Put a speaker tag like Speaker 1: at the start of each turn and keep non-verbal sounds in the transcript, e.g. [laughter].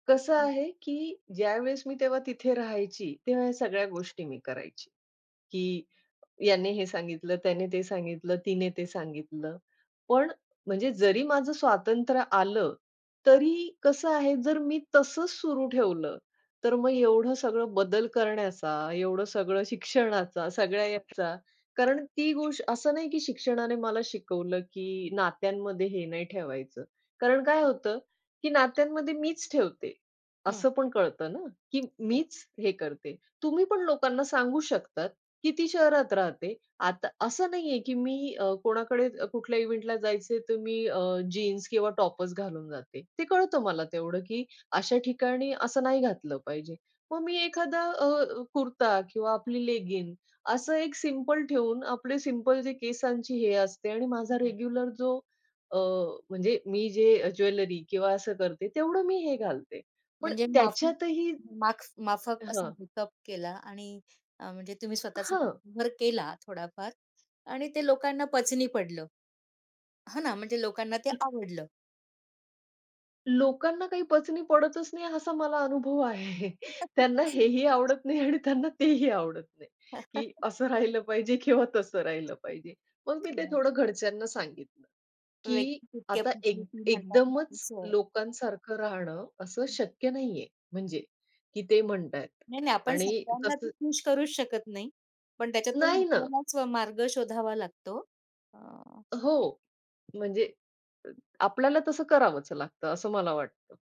Speaker 1: कसं
Speaker 2: हं.
Speaker 1: आहे, की ज्यावेळेस मी तेव्हा तिथे राहायची त्यावेळेस ह्या सगळ्या गोष्टी मी करायची, की याने हे सांगितलं, त्याने ते सांगितलं, तिने ते सांगितलं. पण म्हणजे जरी माझं स्वातंत्र्य आलं तरी कसं आहे जर मी तसंच सुरू ठेवलं तर मग एवढं सगळं बदल करण्याचा एवढं सगळं शिक्षणाचा सगळ्या ह्याचा कारण ती गोष्ट असं नाही, की शिक्षणाने मला शिकवलं, की नात्यांमध्ये हे नाही ठेवायचं. कारण काय होतं, की नात्यांमध्ये मीच ठेवते,
Speaker 2: हं.
Speaker 1: असं पण कळतं ना, की
Speaker 2: हं.
Speaker 1: मीच हे करते. तुम्ही पण लोकांना सांगू शकतात, की ती शहरात राहते आता असं नाहीये, की मी अ, कोणाकडे कुठल्या इव्हेंटला जायचंय तर मी अ, जीन्स किंवा टॉपच घालून जाते. ते कळतं मला तेवढं, की अशा ठिकाणी असं नाही घातलं पाहिजे. मग मी एखादा अ, कुर्ता किंवा आपली लेगिंग असं एक सिम्पल ठेऊन आपले सिम्पल जे केसांची हे असते आणि माझा रेग्युलर जो अ, म्हणजे मी जे ज्वेलरी किंवा असं करते तेवढं मी हे घालते पण
Speaker 2: म्हणजे माफी
Speaker 1: त्याच्यातही
Speaker 2: माक्स माफक असा
Speaker 1: हां.
Speaker 2: मेकअप केला आणि अ, म्हणजे तुम्ही स्वतःचा
Speaker 1: हां.
Speaker 2: [unintelligible] केला थोडाफार आणि ते लोकांना पचनी पडलं. हां ना, म्हणजे लोकांना ते आवडलं.
Speaker 1: लोकांना काही पचनी पडतच नाही असा मला अनुभव आहे. त्यांना हेही
Speaker 2: [unintelligible]
Speaker 1: आवडत नाही आणि त्यांना तेही आवडत नाही, की
Speaker 2: [chuckles]
Speaker 1: असं राहिलं पाहिजे किंवा तसं राहिलं पाहिजे. मग मी ते थोडं
Speaker 2: [unintelligible]
Speaker 1: घरच्यांना सांगितलं, की
Speaker 2: व्यक्ती तितक्या
Speaker 1: आता एक
Speaker 2: प्रकृती म्हणतात ना
Speaker 1: एकदमच
Speaker 2: तसं आहे.
Speaker 1: लोकांसारखं राहणं असं शक्य नाहीये म्हणजे की ते म्हणतायेत
Speaker 2: नाही, नाही आपण
Speaker 1: आणि
Speaker 2: सगळ्यांना तर
Speaker 1: तसं
Speaker 2: खुश करूच शकत नाही. पण त्याच्यातून
Speaker 1: नाही ना.
Speaker 2: आपल्यालाचं मार्ग शोधावा लागतो अ
Speaker 1: हो, म्हणजे अ आपल्याला तसं करावंच लागतं असं मला वाटतं.